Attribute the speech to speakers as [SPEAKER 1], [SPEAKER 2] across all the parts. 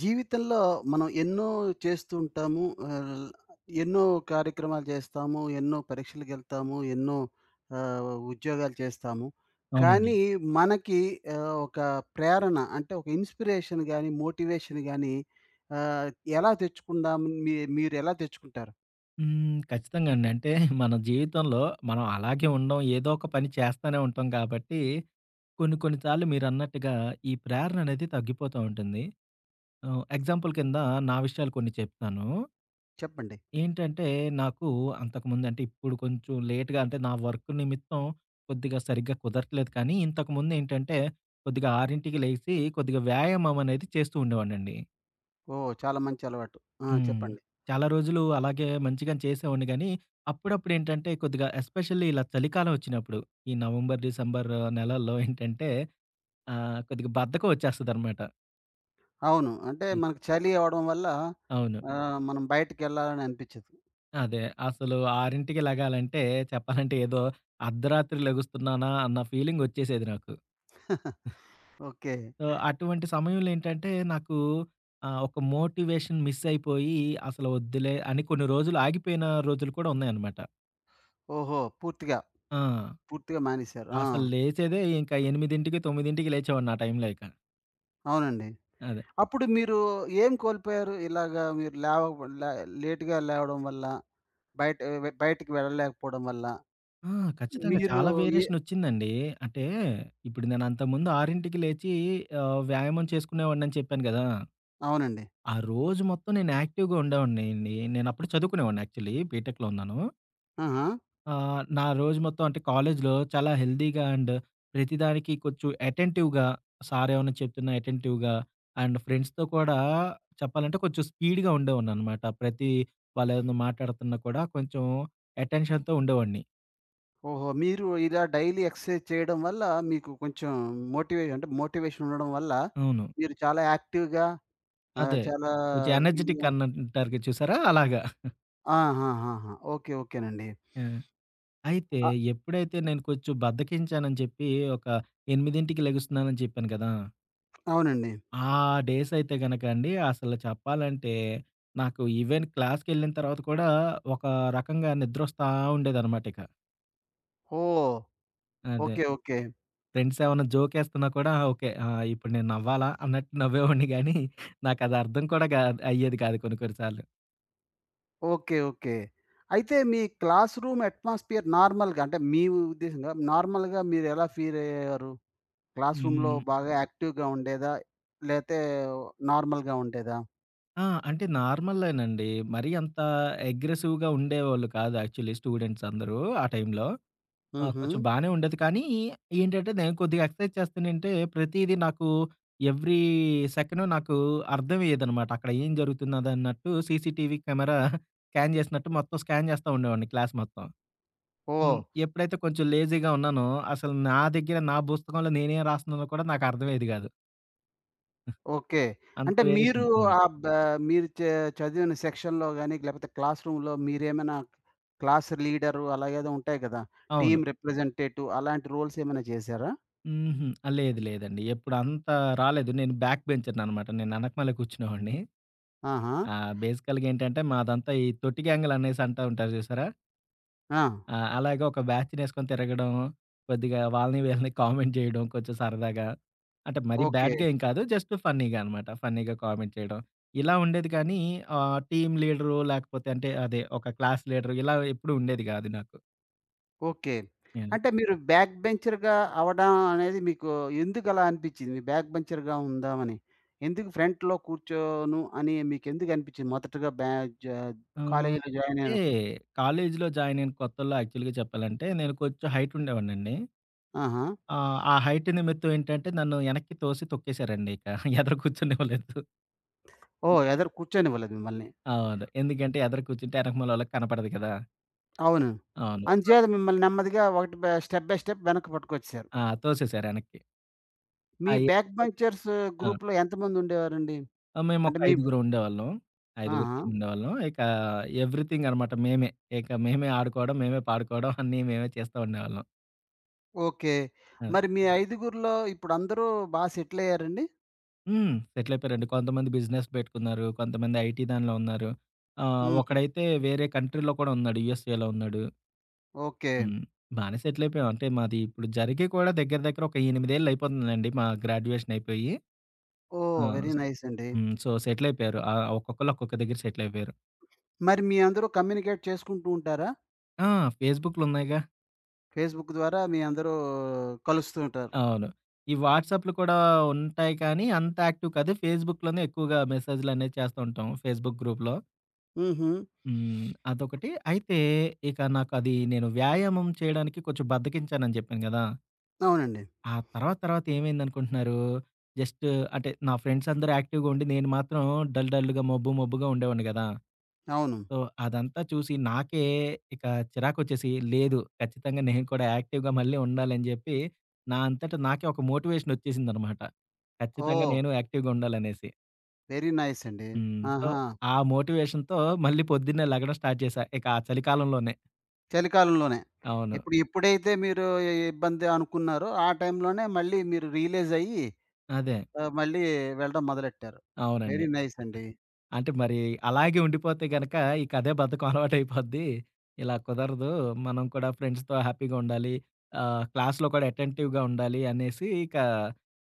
[SPEAKER 1] జీవితంలో మనం ఎన్నో చేస్తూ ఉంటాము. ఆహ్, ఎన్నో కార్యక్రమాలు చేస్తాము ఎన్నో పరీక్షలకెళ్తాము. ఎన్నో ఆహ్, ఉద్యోగాలు చేస్తాము.
[SPEAKER 2] అవునండి.
[SPEAKER 1] కానీ మనకి ఆహ్, ఒక ప్రేరణ అంటే ఒక ఇన్‌స్పిరేషన్ గాని మోటివేషన్ గాని ఆహ్, ఎలా తెచ్చుకుందాం మీ మీరు ఎలా తెచ్చుకుంటారు?
[SPEAKER 2] హ్మ్. ఖచ్చితంగా అండి. అంటే మన జీవితంలో మనం అలాగే ఉండడం ఏదో ఒక పని చేస్తానే ఉంటాం గాబట్టి కొన్ని కొన్ని సార్లు మీరన్నట్టుగా ఈ ప్రేరణనేది తగ్గిపోతూ ఉంటుంది. ఆహ్, ఎగ్జాంపుల్ కింద నా విషయాలు కొన్ని చెప్తాను.
[SPEAKER 1] చెప్పండి.
[SPEAKER 2] ఏంటంటే నాకు అంతకుముందు అంటే ఇప్పుడు కొంచెం లేట్‌గా అంటే నా వర్క్ నిమిత్తం కొద్దిగా సరిగ్గా కుదరట్లేదు కానీ ఇంతకుముందేంటంటే కొద్దిగా 6కి లెగిసి కొద్దిగా వ్యాయామమనేది చేస్తూ ఉండేవాడినండి.
[SPEAKER 1] ఓహ్! చాలా మంచి అలవాటు. ఆ!
[SPEAKER 2] హ్మ్.
[SPEAKER 1] చెప్పండి.
[SPEAKER 2] చాలా రోజులు అలాగే మంచిగానె చేసేవాడిని గానీ అప్పుడప్పుడేంటంటే కొద్దిగా ఎస్పెషల్‌ల్లి ఇలా చలికాలం వచ్చినప్పుడు. ఈ నవంబర్, డిసెంబర్ నెలల్లో ఏంటంటే ఆహ్, కొద్దిగా బద్ధకం ఒచ్చేస్తదనమాట.
[SPEAKER 1] అవును. అంటే
[SPEAKER 2] హ్మ్.
[SPEAKER 1] మనకు చలి అవ్వడం వల్ల
[SPEAKER 2] అవును.
[SPEAKER 1] ఆహ్, మనం బయటికేళ్ళాలని అనిపిచదు.
[SPEAKER 2] అదే. అసలు 6కి లెగాలంటే చెప్పాలంటే, ఏదో అర్ధరాత్రి లెగుస్తున్నానా అన్న ఫీలింగొచ్చేసేది నాకు.
[SPEAKER 1] ఓకే.
[SPEAKER 2] సో, అటువంటి సమయంలో ఏంటంటే, నాకు ఆహ్, ఒక మోటివేషన్ మిస్ అయిపోయి అసలు వద్దులే అని కొన్ని రోజులు ఆగిపోయిన రోజులు కూడా ఉన్నాయన్నమాట.
[SPEAKER 1] ఓహో! పూర్తిగా.
[SPEAKER 2] ఆ!
[SPEAKER 1] పూర్తిగా మానేసారు. ఆ!
[SPEAKER 2] అసలు లేచేదే ఇంకా 8కి, 9కి లేచేవాడిని ఆ టైంలో ఇక.
[SPEAKER 1] అవునండి.
[SPEAKER 2] అదే.
[SPEAKER 1] అప్పుడు మీరు ఏం కోల్పోయారు? ఇలాగా మీరు లేవక లేట్‌‌గా లేవడం వల్ల బయట వె బయటికి వెళ్ళలేకపోవడం వల్ల.
[SPEAKER 2] ఆ! ఖచ్చితంగా
[SPEAKER 1] మీరు
[SPEAKER 2] చాలా
[SPEAKER 1] ఏ
[SPEAKER 2] వేరియేషన్ ఒచ్చిందండి. అంటే, ఇప్పుడు నేనంతకుముందు 6కి లేచి ఆహ్, వ్యాయామం చేసుకునేవాడినిని చెప్పాను గదా!
[SPEAKER 1] అవునండి.
[SPEAKER 2] ఆ రోజు మొత్తం నేను యాక్టివ్‌గా ఉండేవాడినిండి. నేను అప్పుడు చదువుకునేవాడిని యాక్చువల్లీ బీటెక్‌లో ఉన్నాను.
[SPEAKER 1] ఆహా!
[SPEAKER 2] ఆహ్, నా రోజు మొత్తం అంటే కాలేజీలో చాలా హెల్తీగా అండ్ ప్రతిదానికి కొంచెం అటెంటివ్‌గా సారు ఏమన్నా చెప్తున్నా అటెంటివ్‌గా. అండ్ ఫ్రెండ్స్‌తో కూడా చెప్పాలంటే, కొంచెం స్పీడ్‌గా ఉండేవాడిననమాట. ప్రతి వాళ్ళేమన్నా మాట్లాడుతున్నా కూడా కొంచెం అటెన్‌షన్‌తో ఉండేవాడిని.
[SPEAKER 1] ఓహో! మీరు ఇలా డైలీ ఎక్సర్‌సైజ్ చేయడం వల్ల మీకు కొంచెం మోటివే అంటే మోటివేషన్ ఉండడం వల్ల,
[SPEAKER 2] అవును.
[SPEAKER 1] మీరు చాలా యాక్టివ్‌గా ఆహ్,
[SPEAKER 2] అదే.
[SPEAKER 1] చాలా
[SPEAKER 2] కొంచెం
[SPEAKER 1] ఇది
[SPEAKER 2] ఎనర్జిటిక్ అన్ అంటారుగ చూసారా? అలాగా.
[SPEAKER 1] ఆహాహాహా! ఓకే. ఓకేనండి.
[SPEAKER 2] ఆ! అయితే
[SPEAKER 1] ఆహ్
[SPEAKER 2] ఎప్పుడైతే నేను కొంచెం బద్దకించానని జెప్పి ఒక 8కి లెగుస్తున్నానని చెప్పాను కదా!
[SPEAKER 1] అవునండి.
[SPEAKER 2] ఆ డేసయితే గనక అండి. అసలు చెప్పాలంటే, నాకు ఈవెన్ క్లాస్‌కెళ్ళిన తర్వాత కూడా ఒక రకంగా నిద్రొస్తా ఉండేదనమాట ఇక.
[SPEAKER 1] ఓహ్!
[SPEAKER 2] అదే.
[SPEAKER 1] ఓకే. ఓకే.
[SPEAKER 2] ఫ్రెండ్స్ ఏమన్నా జోకేస్తున్నా కూడా ఆ! ఓకే. ఆ ఇప్పుడు నేను నవ్వాలా అన్నట్టు నవ్వేవాడిని గానీ నాకది అర్థం కూడా గా అయ్యేది కాదు కొన్ని, కొన్ని సార్లు.
[SPEAKER 1] ఓకే. ఓకే. అయితే మీ క్లాస్‌రూమ్ అట్మాస్ఫియర్ నార్మల్‌గా అంటే మీ ఉద్దేశ్యంగా, నార్మల్‌గా మీరెలా ఫీలయ్యారు? క్లాస్‌రూమ్‌లో
[SPEAKER 2] హ్మ్.
[SPEAKER 1] బాగా యాక్టివ్‌గా ఉండేదా. లేతే నార్మల్‌గా ఉండేదా?
[SPEAKER 2] ఆ! అంటే నార్మల్లేనండి. మరి అంత అగ్రెసివ్‌గా ఉండేవాళ్ళు కాదు యాక్చువల్లీ స్టూడెంట్స్ అందరూ ఆ టైంలో. ఆ! కొంచెం
[SPEAKER 1] హుహు.
[SPEAKER 2] బానే ఉండేది. కానీ ఏంటంటే, నేను కొద్దిగా ఎక్సర్‌సైజ్ చేస్తనేంటే, ప్రతీదీ నాకు ఎవ్రీ సెకండ్ నాకు అర్థమేయేదనమాట. అక్కడ ఏం జరుగుతున్నదన్నట్టు సీసీటీవీ కెమెరా స్కాన్ జేసినట్టు మొత్తం స్కాన్ జేస్తా ఉండేవాడిని క్లాస్ మొత్తం. హ్మ్.
[SPEAKER 1] ఓహ్!
[SPEAKER 2] ఎప్పుడైతే కొంచెం లేజీగా ఉన్నానో అసలు నా దగ్గర నా పుస్తకంలో నేనేం రాస్తున్నానో గూడా నాకర్థమయెది గాదు.
[SPEAKER 1] ఓకే.
[SPEAKER 2] అంత
[SPEAKER 1] అంటే మీరు
[SPEAKER 2] వేరియేషన్ ఉన్నట్టు.
[SPEAKER 1] ఆహ్, బ మీరు చ చదివిన సెక్షన్‌లో గాని, లేకపోతే క్లాస్‌రూమ్‌లో మీరేమైనా క్లాస్‌ లీడరు, అలాగేదో ఉంటాయి కదా!
[SPEAKER 2] అవును.
[SPEAKER 1] టీమ్ రిప్రజెంటేటివ్ అలాంటి రో‌ల్స్ ఏమైనా చేశారా?
[SPEAKER 2] హుహు. ఆహ్, లేదు లేదండి. ఎప్పుడంత రాలేదు. నేను బ్యాక్‌బెంచర్ననమాట. నేను ఎనకమాలే కూర్చునేవాడిని.
[SPEAKER 1] ఆహా!
[SPEAKER 2] ఆహ్, బేసికల్‌గా ఏంటంటే మాదంతా ఈ తొట్టి‌గ్యాంగులనేసి అంటా ఉంటారు చూసారా?
[SPEAKER 1] ఆ!
[SPEAKER 2] ఆ! అలాగే ఒక బ్యాచ్‌నేసుకొని తిరగడం, కొద్దిగా వాళ్ళని వీళ్ళని కామెంట్ జేయడం కొంచెం సరదాగా. అంటే మరీ
[SPEAKER 1] ఓకే.
[SPEAKER 2] బ్యాడ్‌గా ఏం కాదు, జస్ట్ ఫన్నీగా అనమాట. ఫన్నీగా కామెంట్ చేయడం. ఇలా ఉండేది గానీ, ఆహ్, టీమ్ లీడరు లేకపోతే అంటే అదే ఒక క్లాస్‌ లీడరు ఇలా ఎప్పుడూ ఉండేది గాదు నాకు.
[SPEAKER 1] ఓకే.
[SPEAKER 2] యాహ్!
[SPEAKER 1] అంటే మీరు బ్యాక్ బెంచర్‌గా అవ్వడం అనేది మీకు ఎందుకు అలా అనిపిచ్చింది? బ్యాక్‌బెంచర్‌గా ఉందామని? ఎందుకు ఫ్రంట్‌లో కూర్చోను అని మీకెందుకు అనిపిచ్చింది మొదటగా బ్యాజ్ జ
[SPEAKER 2] ఆహ్,
[SPEAKER 1] కాలేజీలో జాయిన్
[SPEAKER 2] అంటే
[SPEAKER 1] అయ్యినప్
[SPEAKER 2] కాలేజిలో జాయిన్ అయిన కొత్తల్లో యాక్చువల్‌గా చెప్పాలంటే, నేను కొంచెం హైట్ ఉండేవాడినండి.
[SPEAKER 1] ఆహా!
[SPEAKER 2] ఆ! ఆ హైట్ నిమిత్తం ఏంటంటే నన్ను వెనక్కి తోసి తొక్కేేశారండిక ఎదర కూర్చొనివ్వలేదు.
[SPEAKER 1] ఓహ్!
[SPEAKER 2] అంతే
[SPEAKER 1] ఎదర కూర్చొనివ్వలేదు మమ్మల్ని.
[SPEAKER 2] అవును. ఎందుకంటే ఎదర కూర్చుంటే యనకమాలోల్లకి కనపడదు కదా!
[SPEAKER 1] అవును. అందు
[SPEAKER 2] అవును.
[SPEAKER 1] చేేత మిమ్మల్ని నెమ్మదిగా ఒకటి బ స్టెప్ బై స్టెప్ వెనక్క పట్టుకొచ్చేసారు.
[SPEAKER 2] ఆ! తోసేసరేనక్కి.
[SPEAKER 1] మీ
[SPEAKER 2] అయ్య!
[SPEAKER 1] Back‌
[SPEAKER 2] okay.
[SPEAKER 1] బంచర్స్
[SPEAKER 2] ఆ!
[SPEAKER 1] గ్రూప్‌లో ఎంతమంది ఉండేవారండి?
[SPEAKER 2] ఆ! మేమోక
[SPEAKER 1] అంటే మీ
[SPEAKER 2] ఐదుగురు ఉండేవాళ్ళం. ఐదుగురు టీమ్
[SPEAKER 1] ఆహా!
[SPEAKER 2] ఉండేవాళ్ళం. ఇక ఎవ్రీథింగ్ అనమాట మేమే. ఇక మేమే ఆడుకోవడం. మేమే పాడుకోవడం అన్నీ మేమే చేస్తా ఉండేవాళ్ళం.
[SPEAKER 1] ఓకే.
[SPEAKER 2] ఆ!
[SPEAKER 1] మరి మీ ఐదుగురిలో ఇప్పుడందరూ బా సెటిలాయ్యారండి?
[SPEAKER 2] హ్మ్. సెటలయపోయారండి. కొంతమంది బిజినెస్ పెట్టుకున్నారు. కొంతమంది ఐటీ ఐటీ దానిలో ఉన్నారు. ఆహ్,
[SPEAKER 1] హుహు.
[SPEAKER 2] ఒకడైతే వేరే కంట్రీలో కూడా ఉన్నాడు. యూఎస్ఏలో ఉన్నాడు.
[SPEAKER 1] ఓకే.
[SPEAKER 2] హ్మ్. బానే సెటలయిపోయాం. అంటే మాది ఇప్పుడు జరిగి కూడా దగ్గర దగ్గర ఒక 8 ఏళ్ళు అయిపోతుందిలేండి. మా గ్రాడ్యుయేషన్ అయిపోయి. ఆ!
[SPEAKER 1] ఓహ్! వెరీ నైస్ అండి.
[SPEAKER 2] హ్మ్. సో, సెటిల్ అయిపోయారు. ఆ! ఒక్కొక్కళ్ళు ఒక్కొక్క దగ్గర సెటిల్ అయిపోయారు.
[SPEAKER 1] మరి మీ అందరూ కమ్యూనికేట్ చేసుకుంటూ ఉంటారా?
[SPEAKER 2] ఆ! ఫేస్‌బుక్లు ఉన్నాయిగా.
[SPEAKER 1] ఫేస్‌బుక్ ద్వారా మీ అందరూ కలుస్తూ ఉంటారు.
[SPEAKER 2] అవును. ఈ వాట్సాప్లు కూడా ఉంటాయి కానీ అంత యాక్టివ్ కాదు ఫేస్‌బుక్‌లోనే ఎక్కువగా మెసేజ్‌లనేవి చేస్తా ఉంటాం. ఫేస్‌బుక్ గ్రూప్‌లో.
[SPEAKER 1] హుహు.
[SPEAKER 2] హ్మ్. అదొకటి. అయితే ఇక నాకు అది నేను వ్యాయామం చేయడానికి కొంచెం బద్దకించానని చెప్పాను గదా
[SPEAKER 1] అవునండి.
[SPEAKER 2] ఆ తర్వాత తర్వాత ఏమైందనుకుంటున్నారు? జస్ట్ అంటే నా ఫ్రెండ్స్ అందరూ యాక్టివ్‌గా ఉండి నేను మాత్రం డల్ డల్‌గా మొబ్బు మొబ్బుగా ఉండేవాడిని గదా!
[SPEAKER 1] అవును.
[SPEAKER 2] సో, అదంతా చూసి నాకే ఇక చిరాకోచ్చేసి లేదు ఖచ్చితంగా నేను కూడా యాక్టివ్‌గా మళ్ళీ ఉండాలని జెప్పి, నా అంతట నాకే ఒక మోటివేషన్ ఒచ్చేసిందనమాట. ఖచ్చితంగా
[SPEAKER 1] ఓహ్!
[SPEAKER 2] నేను యాక్టివ్‌గా ఉండాలనేసి.
[SPEAKER 1] వెరీ నైస్ అండి.
[SPEAKER 2] హ్మ్. సో,
[SPEAKER 1] ఆహా!
[SPEAKER 2] ఆ మోటివేషన్‌తో మళ్ళీ పొద్దున్నే లే‌గడం స్టార్ట్ చేశా. ఇక ఆ చలికాలంలోనే.
[SPEAKER 1] చలికాలంలోనే.
[SPEAKER 2] అవును.
[SPEAKER 1] ఎప్పుడు ఇ‌ప్పుడైతే మీరు ఇబ్బంది అనుకున్నారో, ఆ టైంలోనే మళ్ళీ మీరు రియలైజ్ అయ్యి
[SPEAKER 2] అదే.
[SPEAKER 1] ఆహ్, మళ్ళీ వెళ్ళడం మొదలెట్టారు.
[SPEAKER 2] అవునండి.
[SPEAKER 1] వెరీ నైస్ అండి.
[SPEAKER 2] అంటే మరి అలాగే ఉండిపోతే గనక ఇక అదే బద్ధకం అలవా‌టైపోద్ది. ఇలా కుదరదు. మనం కూడా ఫ్రెండ్స్‌తో హ్యాపీగా ఉండాలి. ఆహ్, క్లాస్‌లో కూడా అటె‌న్‌టివ్‌గా ఉండాలి అనేసి ఇక,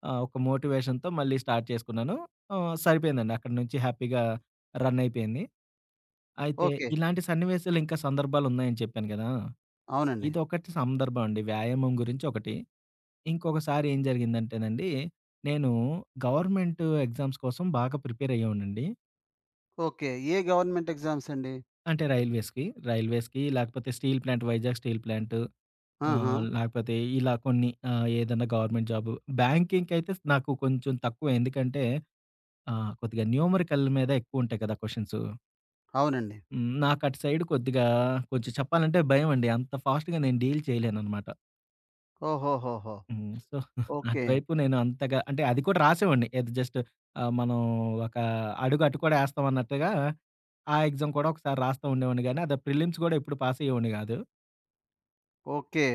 [SPEAKER 2] ఆ! ఒక మోటివేషన్‌తో మళ్ళీ స్టార్ట్ చేసుకున్నాను. ఆ! సరిపోయిందండి అక్కడి నుంచి హ్యాపీగా రన్ అయిపోయింది. అయితే,
[SPEAKER 1] ఓకే.
[SPEAKER 2] ఇలాంటి సన్నివేశాలు ఇంక సందర్భాలు ఉన్నాయని చెప్పాను గదా!
[SPEAKER 1] అవునండి.
[SPEAKER 2] ఇదొకటి సందర్భం అండి. వ్యాయామం గురించి ఒకటి. ఇంకొకసారి ఏం జరిగిందంటేనండి, నేను గవర్నమెంట్ ఎగ్జామ్స్ కోసం బాగా ప్రిపేర్ అయ్యేవాన్నండి.
[SPEAKER 1] ఓకే. ఏ గవర్నమెంట్ ఎ‌గ్జామ్స్ అండి?
[SPEAKER 2] అంటే, రైల్వేస్‌కి. రైల్వేస్‌కి లేకపోతే steel plant Vizag steel plant. ఆహ్,
[SPEAKER 1] ఆహా!
[SPEAKER 2] లేకపోతే ఇలా కొన్ని ఆహ్, ఏదన్నా గవర్నమెంట్ జాబు బ్యాంకింక్ అయితే నాకు కొంచెం తక్కువె ఎందుకంటే, ఆ! కొద్దిగా న్యూమరి‌కల్ మీద ఎక్కువుంటాయి గ‌దా! క్వశ్చన్సు.
[SPEAKER 1] అవునండి.
[SPEAKER 2] హ్మ్. నాకటు సైడు కొద్దిగా కొంచెం చెప్పాలంటే భయమండి. అంత ఫాస్ట్‌గా నేను డీల్ చేయలేననమాట.
[SPEAKER 1] ఓహోహోహో!
[SPEAKER 2] హ్మ్. So,
[SPEAKER 1] okay.
[SPEAKER 2] అటువైపు నేనంతగా అంటే అది కూడా రాసేవాడిని. ఏది జస్టు ఆహ్, మనం ఒక అడుగు అటు కూడా ఎస్తాం అన్నట్టుగా, ఆ ఎగ్జామ్ కూడా ఒకసారి రాస్తూండేవాడిని గాని, అద ప్రిల్లిమ్స్ కూడా ఎప్పుడు పాసయ్యేవొడిని గాదు.
[SPEAKER 1] ఓకే.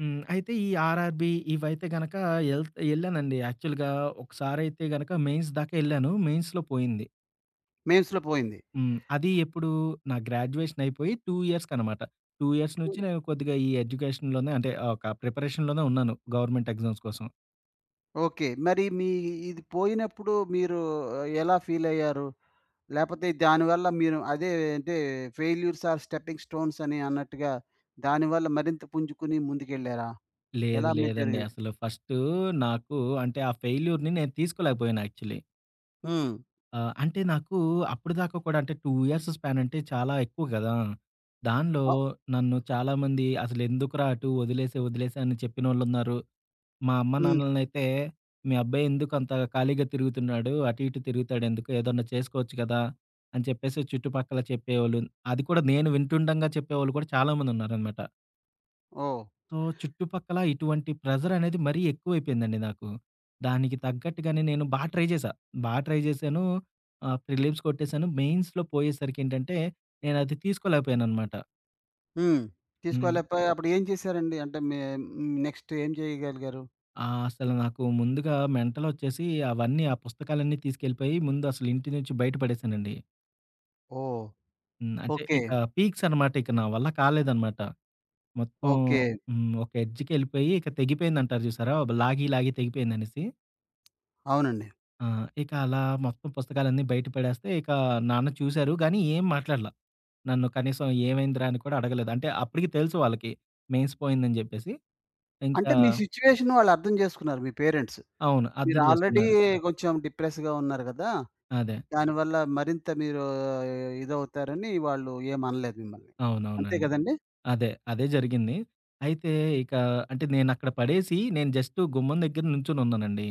[SPEAKER 2] హ్మ్. అయితే ఈ ఆర్ఆర్‌బి ఇవైతే గనక, ఎళ్త్ ఎళ్ళానండి. యాక్చువల్‌గా ఒకసారైతే గనక మెయిన్స్ దాకెళ్ళాను. మెయిన్స్‌లో పోయింది.
[SPEAKER 1] మెన్స్‌లో పోయింది?
[SPEAKER 2] హ్మ్. అది ఎప్పుడు? నా గ్రాడ్యుయేషన్ అయిపోయి 2 ఇయర్స్‌కనమాట. 2 ఇయర్స్ నుంచి
[SPEAKER 1] హ్మ్.
[SPEAKER 2] నేను కొద్దిగా ఈ ఎడ్యుకేషన్‌లోనే అంటే ఒక ప్రిపరేషన్‌లోనే ఉన్నాను, గవర్నమెంట్ ఎగ్జామ్స్ కోసం.
[SPEAKER 1] ఓకే. మరి మీ ఇది పోయినప్పుడు మీరు ఎలా ఫీలయ్యారు? లేపోతే దానివల్ల మీరు అదే అంటే 'ఫెయిల్యూర్స్ ఆర్ స్టెప్పింగ్ స్టోన్స్' అని అన్నట్టుగా దాని వల్ల మరింత పుంజుకొని ముందుకెళ్లారా?
[SPEAKER 2] లేదు.
[SPEAKER 1] ఎలా మీది
[SPEAKER 2] లేదండి.
[SPEAKER 1] జరిగింది?
[SPEAKER 2] అసలు ఫస్టు నాకు అంటే ఆ ఫెయిల్యూర్‌ని నేను తీసుకోలేకపోయాను యాక్చువలీ.
[SPEAKER 1] హ్మ్.
[SPEAKER 2] ఆహ్, అంటే నాకు అప్పటిదాకా కూడా అంటే, 2 ఇయర్స్ స్పాన్ అంటే చాలా ఎక్కువ గదా! దానిలో
[SPEAKER 1] అ
[SPEAKER 2] నన్ను చాలామంది, "అసలెందుకురా అటు? ఒదిలేసే, ఒదిలేసే" అని చెప్పినోళ్ళున్నారు, మా అమ్మ,
[SPEAKER 1] హ్మ్.
[SPEAKER 2] నాన్నలనైతే, "మీ అబ్బాయెందుకు అంత ఖాళీగా తిరుగుతున్నాడు? అటు, ఇటు తిరుగుతాాడెందుకు? ఏదన్నా చేసుకోచ్చు గదా!" అని చెప్పేసి, చుట్టుపక్కల చెప్పేవాళ్ళు, అది కూడా నేను వింటుండంగా చెప్పేవాళ్ళు కూడా చాలామందున్నారనమాట.
[SPEAKER 1] ఓహ్!
[SPEAKER 2] సో, చుట్టుపక్కల ఇటువంటి ప్రెషర్ అనేది మరీ ఎక్కువైపోయిందండి నాకు. దానికి తగ్గట్టుగానే నేను బా ట్రై చేశా. బా ట్రై జేశాను. ఆహ్, ప్రిలిమ్స్ కొట్టేశాను. మెయిన్స్‌లో పోయేసరికేంటంటే, నేను అది తీసుకోలేకపోయానన్నమాట.
[SPEAKER 1] హ్మ్.
[SPEAKER 2] హ్మ్.
[SPEAKER 1] తీసుకువెళ్ళిపోయి అప్పుడు ఏం చేశారండి? అంటే మీ హ్మ్. నెక్స్ట్ ఏం చేయగలిగారు?
[SPEAKER 2] ఆ! అసలు నాకు ముందుగా మెంటలొచ్చేసి అవన్నీ, ఆ పుస్తకాలన్నీ తీసుకెళ్ళిపోయి ముందు అసలు ఇంటి నుంచి బయట పడేశానండి.
[SPEAKER 1] ఓహ్!
[SPEAKER 2] హ్మ్. అంటే
[SPEAKER 1] ఓకే.
[SPEAKER 2] ఇక పీక్స్ అనమాట. ఇక నా వల్ల కాలేదనమాట. మొత్తం
[SPEAKER 1] ఓకే.
[SPEAKER 2] హ్మ్. ఒక ఎడ్జ్‌కెళ్ళిలిపోయి, ఇక తెగిపోయిందంటారు చూసారా? బ్లా లాగి లాగి తెగిపోయిందనేసి.
[SPEAKER 1] అవునండి.
[SPEAKER 2] ఆ! ఇక అలా మొత్తం పుస్తకాలన్నీ బయట పడేస్తే, ఇక నాన్న చూసారు గానీ, ఏం మాట్లాడల. నన్ను కనీసం ఏమైందిరా అని కూడా అడగలేదు. అంటే అప్పటికి తెలుసు వాళ్ళకి మెయిన్స్ పోయిందని చెప్పేసి.
[SPEAKER 1] అంటే
[SPEAKER 2] ఇంకా
[SPEAKER 1] మీ సిట్యుయేషను వాళ్ళు అర్థం జేసుకున్నారు మీ పేరెంట్స్.
[SPEAKER 2] అవును.
[SPEAKER 1] మీరు
[SPEAKER 2] అర్థం
[SPEAKER 1] ఆల్రెడీ
[SPEAKER 2] జేసుకున్నారు.
[SPEAKER 1] కొంచెం డిప్రెస్‌గా ఉన్నారు గదా!
[SPEAKER 2] అదే.
[SPEAKER 1] దానివల్ల మరింత మీరు, ఇదవుతారని వాళ్ళు ఏమనలేదు మిమ్మల్ని. అంతే
[SPEAKER 2] అవునవునండి.
[SPEAKER 1] గదండీ!
[SPEAKER 2] అదే. అదే జరిగింది. అయితే ఇక అంటే నేనక్కడ పడేసి, నేను జస్ట్ గుమ్మం దగ్గర నుంచున్నానండి.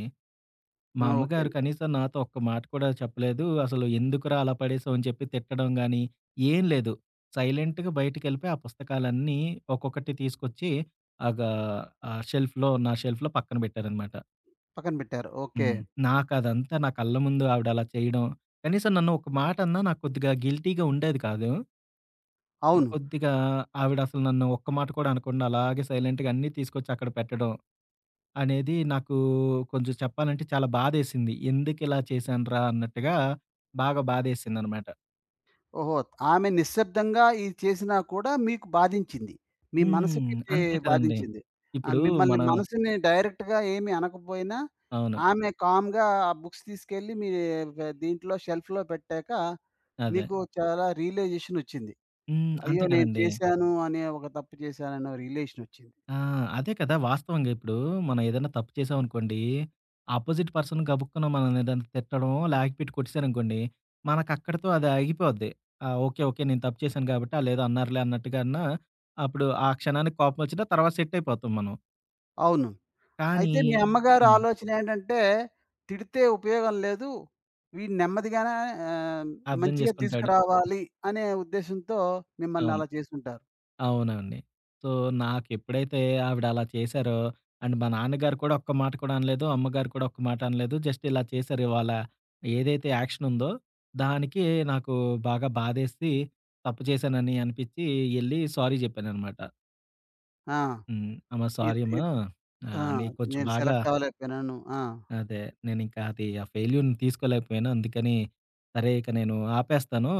[SPEAKER 2] మా
[SPEAKER 1] ఆ! ఓకే.
[SPEAKER 2] అమ్మగారు
[SPEAKER 1] అన్
[SPEAKER 2] కనీసం నాతో ఒక్క మాట కూడా చెప్పలేదు. అసలు ఎందుకురా, అలా పడేసావు అని చెప్పి తిట్టడం గానీ, ఏం లేదు. సైలెంట్‌గా బయటికెళ్ళిపోయి, ఆ పుస్తకాలన్నీ ఒక్కొక్కటి తీసుకొచ్చి, ఆగా ఆహ్, షెల్ఫ్‌లో నా షెల్ఫ్‌లో పక్కన పెట్టారన్నమాట.
[SPEAKER 1] పక్కన పెట్టారు. ఓకే.
[SPEAKER 2] హ్మ్. నాకదంతా నా కళ్ళ ముందు ఆవిడ అలా చేయడం. కనీసం నన్ను ఒక మాటన్నా నాకు కొద్దిగా గిల్టీగా ఉండేది కాదు.
[SPEAKER 1] అవును.
[SPEAKER 2] కొద్దిగా ఆవిడ అసలు నన్ను ఒక్క మాట కూడా అనకుండా అలాగే సైలెంట్‌గా అన్నీ తీసుకొచ్చి అక్కడ పెట్టడం అనేది నాకూ కొంచెం చెప్పాలంటే చాలా బాధేసింది. ఎందుకిలా చేశాన్రా? అన్నట్టుగా బాగా బాధేసిందన్నమాట.
[SPEAKER 1] ఓహో! ఆమె నిశ్శబ్దంగా ఇది చేసినా కూడా మీకు బాధించింది. మీ
[SPEAKER 2] హ్మ్.
[SPEAKER 1] మనసుకిదీ
[SPEAKER 2] అంతే కదండీ.
[SPEAKER 1] బాధించింది. ఆహ్,
[SPEAKER 2] ఇప్పుడు
[SPEAKER 1] మిమ్మల్ని
[SPEAKER 2] మన
[SPEAKER 1] మనసుని డైరెక్ట్‌గా ఏమీ అనకపోయినా,
[SPEAKER 2] అవును.
[SPEAKER 1] ఆమె కామ్‌గా ఆ బుక్స్ తీసుకెళ్లి మీ గ దీంట్లో షెల్ఫ్‌లో పెట్టాక,
[SPEAKER 2] అదే.
[SPEAKER 1] నీకు చాలా రియలైజేషనొచ్చింది.
[SPEAKER 2] హ్మ్.
[SPEAKER 1] అయ్యో!
[SPEAKER 2] అంతే
[SPEAKER 1] నేను
[SPEAKER 2] కదండీ.
[SPEAKER 1] చేశాను అనే ఒక తప్పు చేశాననే రియలేషనొచ్చింది.
[SPEAKER 2] ఆ! అదే కదా! వాస్తవంగా ఇప్పుడు మనం ఏదైనా తప్పు చేశామనుకోండి. ఆపోజిట్ పర్సన్ గబుక్కున మనలేదన్నా తిట్టడమో, లాగిపెట్టి కొట్టేసారనుకోండి. మనకు అక్కడితో అది ఆగిపోద్ది. ఆ! ఓకే. ఓకే. నేను తప్పు చేశాను కాబట్టి ఆల్లేదో అన్నారులే అన్నట్టుగా అన్నా అప్పుడు ఆ క్షణానికి కోపమొచ్చినా, తర్వాత సెట్ అయిపోతాం మనం.
[SPEAKER 1] అవును.
[SPEAKER 2] కానీ
[SPEAKER 1] అయితే మీ అమ్మగారి
[SPEAKER 2] హ్మ్.
[SPEAKER 1] ఆలోచన ఏంటంటే తిడితే ఉపయోగం లేదు. వీడి నెమ్మదిగానే ఆహ్,
[SPEAKER 2] అర్థం
[SPEAKER 1] మంచిగా
[SPEAKER 2] చేసుకుంటాడు.
[SPEAKER 1] తీసుకురావాలి అనే ఉద్దేశంతో మిమ్మల్ని
[SPEAKER 2] అవును.
[SPEAKER 1] అలా చేసుంటారు.
[SPEAKER 2] అవునండి. సో నాకెప్పుడైతే ఆవిడలా చేశారో అండ్ మా నాన్నగారు కూడా ఒక్క మాట కూడా అనలేదు. అమ్మగారు కూడా ఒక్క మాట అనలేదు. జస్ట్ ఇలా చేశారు ఇవాళ. ఏదైతే యాక్షనుందో, దానికి నాకు బాగా బాధేసి తప్పు చేశానని అనిపిచ్చి ఎళ్లి సారీ జెప్పాననమాట.
[SPEAKER 1] ఆ!
[SPEAKER 2] హ్మ్. "అమ్మ
[SPEAKER 1] ఇద్
[SPEAKER 2] సారీ అమ్మ.
[SPEAKER 1] ఇద్ ఆ!
[SPEAKER 2] ఆహ్, నేను కొంచెం
[SPEAKER 1] నేను
[SPEAKER 2] బాగా"
[SPEAKER 1] సెలెక్ట్ అవ్వలేకపోయినాను. ఆ!
[SPEAKER 2] అదే. "నేనింక అది ఆ ఫెయిల్యూర్‌ని తీసుకోలేకపోయాను. అందుకని సరే, ఇక నేను ఆపేస్తాను.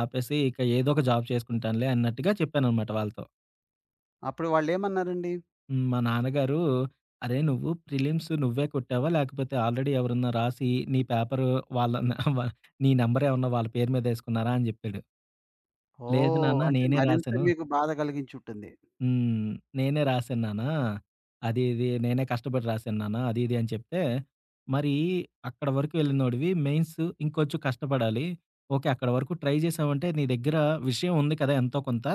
[SPEAKER 2] ఆపేసి ఇక ఏదో ఒక జాబ్ చేసుకుంటానులే" అన్నట్టుగా చెప్పాననమాట వాళ్ళతో.
[SPEAKER 1] అప్పుడు వాళ్ళేమన్నారండి?
[SPEAKER 2] హ్మ్. మా నాన్నగారు. "అరే! నువ్వు ప్రిలిమ్స్ నువ్వే కొట్టావా? లేకపోతే ఆల్రెడీ ఎవరన్నా రాసి, నీ పేపరు వాళ్ళ న వ నీ నంబర్ ఏమన్నా వాళ్ళ పేరు మీద ఎసుకున్నారా?" అని చెప్పాడు. లేదు
[SPEAKER 1] ఓహ్!
[SPEAKER 2] నాన్న
[SPEAKER 1] అంటే
[SPEAKER 2] నేనే
[SPEAKER 1] మరింత
[SPEAKER 2] రాశాను
[SPEAKER 1] మీకు బాధ కలిగించి ఉంటుంది.
[SPEAKER 2] హ్మ్. "నేనే రాసాను న్నాన్నా. అది ఇది నేనే కష్టపడి రాశాను నాన్న" అది ఇది అని చెప్తే. "మరి అక్కడ వరకు వెళ్ళినోడివి మెయిన్స్ ఇంకొంచెం కష్టపడాలి. ఓకే. అక్కడ వరకు ట్రై చేసావంటే నీ దగ్గర విషయం ఉంది కదా! ఎంతో కొంత."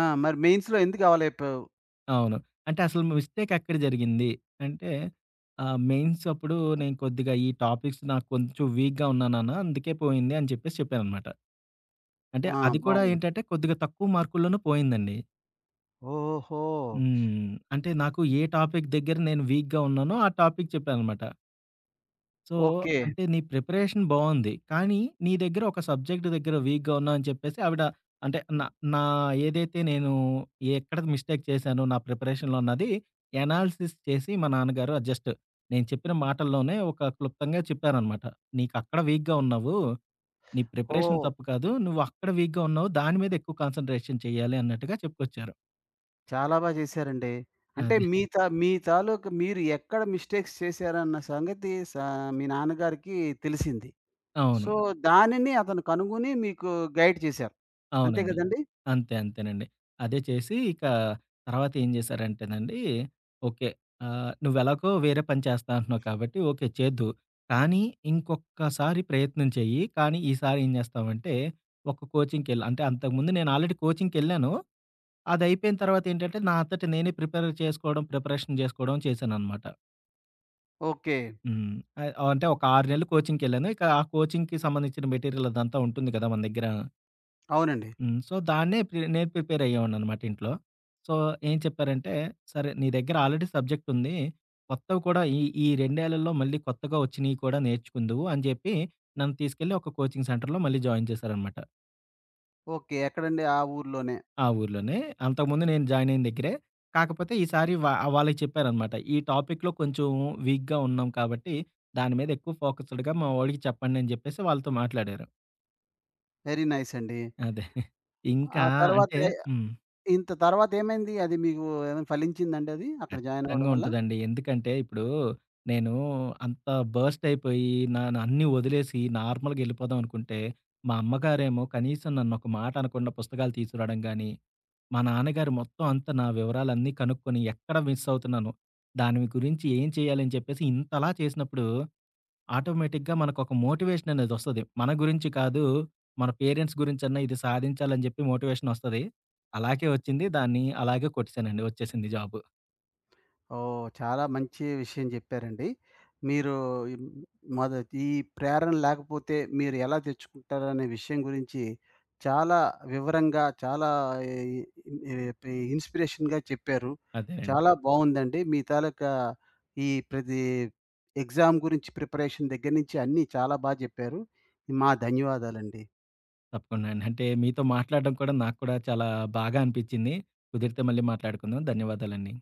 [SPEAKER 1] ఆ! మరి మెయిన్స్‌లో ఎందుకు అవలేకపోయావు?
[SPEAKER 2] అవును. అంటే అసలు మిస్టేక్ ఎక్కడ జరిగింది? అంటే ఆహ్, "మెయిన్స్ అప్పుడు నేను కొద్దిగా ఈ టాపిక్స్ నాకు కొంచెం వీక్‌గా ఉన్నా నాన్న అందుకే పోయింది" అని చెప్పేసి చెప్పాననమాట. అంటే
[SPEAKER 1] ఆ!
[SPEAKER 2] అది కూడా
[SPEAKER 1] బావుంది.
[SPEAKER 2] ఏంటంటే, కొద్దిగా తక్కువ మార్కుల్లోనే పోయిందండి.
[SPEAKER 1] ఓహో!
[SPEAKER 2] హ్మ్. అంటే నాకు ఏ టాపిక్ దగ్గర నేను వీక్‌గా ఉన్నానో, ఆ టాపిక్ చెప్పాననమాట. So,
[SPEAKER 1] okay.
[SPEAKER 2] అంటే నీ ప్రిపరేషన్ బావుంది. కానీ, నీ దగ్గర ఒక సబ్జెక్ట్ దగ్గర వీక్‌గా ఉన్నావని చెప్పేసి, ఆవిడ, అంటే నా నా ఏదైతే నేను ఎక్కడది మిస్టేక్ చేశానో, నా ప్రిపరేషన్‌లో అన్నది ఎనాలిసిస్ చేసి, మా నాన్నగారు ఆహ్, జస్ట్ నేను చెప్పిన మాటల్లోనే ఒక క్లుప్తంగా చెప్పారనమాట. "నీకక్కడ వీక్‌గా ఉన్నావు. నీ ప్రిపరేషన్
[SPEAKER 1] ఓహ్!
[SPEAKER 2] తప్పు కాదు. నువ్వక్కడ వీక్‌గా ఉన్నావు. దాని మీద ఎక్కువ కాన్సన్‌ట్రేషన్ చేయాలి" అన్నట్టుగా చెప్పుకొచ్చారు.
[SPEAKER 1] చాలా బా చేశారండి. అంటే
[SPEAKER 2] అది.
[SPEAKER 1] మీ తా మీ తాలూకు మీరు ఎక్కడ మిస్టేక్స్ చేశారన్న సంగతి సా మీ నాన్నగారికి తెలిసింది. సో,
[SPEAKER 2] అవును.
[SPEAKER 1] దానిని అతను కనుగొని, మీకు గైడ్ చేశారు. అంతే
[SPEAKER 2] అవునండి.
[SPEAKER 1] కదండీ!
[SPEAKER 2] అంతే, అంతేనండి. అదే చేసి ఇక తర్వాత ఏం చేశారంటేనండి, ఓకే. ఆహ్, "నువ్వెలాగో వేరే పని చేస్తా అంటున్నావు కాబట్టి ఓకే, చేద్దువు. కానీ, ఇంకొక్కసారి ప్రయత్నం చేయి. కానీ, ఈసారి ఏం చేస్తావంటే, ఒక కోచింగ్‌కి ఎళ్" అంటే అంతకుముందు నేను ఆల్రెడీ కోచింగ్‌కెళ్లాను. అది అయిపోయిన తర్వాతేంటంటే, నా అంతట నేనే ప్రిపేర్ చేసుకోవడం, ప్రిపరేషన్ చేసుకోవడం చేశాననమాట.
[SPEAKER 1] ఓకే.
[SPEAKER 2] హ్మ్. అ అంటే ఒక 6 నెలలు కోచింగ్‌కెళ్ళాను. ఇక ఆ కోచింగ్‌కి సంబంధించిన మెటీరియల్ అదంతా ఉంటుంది కదా! మన దగ్గర.
[SPEAKER 1] అవునండి.
[SPEAKER 2] హ్మ్. సో దాన్నే ప్రి నేను ప్రిపేర్ అయ్యేవాడిననమాట ఇంట్లో. సో ఏం చెప్పారంటే సరే నీ దగ్గర ఆల్రెడీ సబ్జెక్టుంది. కొత్తవి కూడా ఈ ఈ రెండేళ్ళల్లో మళ్ళీ కొత్తగా వచ్చినీయి కూడా నేర్చుకుందువు అని జెప్పి నన్ను తీసుకెళ్ళి ఒక కోచింగ్ సెంటర్‌లో మళ్ళీ జాయిన్ చేశారనమాట.
[SPEAKER 1] ఓకే. ఎక్కడండి? ఆ ఊర్లోనే.
[SPEAKER 2] ఆ ఊర్లోనే. అంతకు ముందు నేను జాయినయిన దగ్గరే. కాకపోతే ఈసారి వా వాళ్ళకి చెప్పారనమాట. ఈ టాపిక్‌లో కొంచెం వీక్‌గా ఉన్నాం కాబట్టి దాని మీద ఎక్కువ ఫోకస్సుడుగా మా వోడికి చెప్పండి అని చెప్పేసి వాళ్ళతో మాట్లాడారు.
[SPEAKER 1] వెరీ నైసండి.
[SPEAKER 2] అదే.
[SPEAKER 1] ఆ
[SPEAKER 2] ఇంకా అంటే
[SPEAKER 1] తర్వాతే
[SPEAKER 2] హ్మ్.
[SPEAKER 1] ఇంత తర్వాత ఏమైంది? అది మీకు ఏమైనా ఫలించిందండది? అక్కడ జాయినవ్వడం
[SPEAKER 2] ఖచ్చితంగా
[SPEAKER 1] వల్ల?
[SPEAKER 2] ఉంటదండి. ఎందుకంటే ఇప్పుడు నేను అంత బర్స్ట్ అయిపోయి నానన్నీ ఒదిలేసి నార్మల్‌గా ఎళ్ళిపోదాం అనుకుంటే మా అమ్మగారేమో కనీసం నన్నొక మాట అనకుండా పుస్తకాలు తీసుకురాడం గాని, మా నాన్నగారు మొత్తం అంతా నా వివరాలన్నీ కనుక్కొని ఎక్కడ మిస్సవుతున్నాను? దాని గురించి ఏం చేయాలని చెప్పేసి ఇంతలా చేసినప్పుడు ఆటోమేటిక్‌గా మనకోక మోటివేషననేదొస్తది. మన గురించి కాదు మన పేరెంట్స్ గురించన్నా ఇది సాధించాలని జెప్పి మోటివేషనొస్తది. అలాకే వచ్చింది. దాన్ని అలాగే కొట్టేశానండి వచ్చేసింది జాబు.
[SPEAKER 1] ఓహ్! చాలా మంచి విషయం చెప్పారండి. మీరూ ఈ మొద ఈ ప్రేరణ లేకపోతే మీరు ఎలా తెచ్చుకుంటారనే విషయం గురించి చాలా వివరంగా చాలా ఇ ఏటి ఇన్స్‌పిరేషన్‌గా చెప్పారు.
[SPEAKER 2] అదే అండి.
[SPEAKER 1] చాలా బావుందండి. మీ తాలూకా ఈ ప్రది ఎగ్జామ్ గురించి ప్రిపరేషన్ దగ్గర నుంచి అన్నీ చాలా బా జెప్పారు. మా ధన్యవాదాలండి.
[SPEAKER 2] తప్పకుండా అండి. అంటే మీతో మాట్లాడడం కూడా నాకు కూడా చాలా బాగా అనిపిచ్చింది. కుదిరితే మళ్ళీ మాట్లాడుకుందాం. ధన్యవాదాలండి.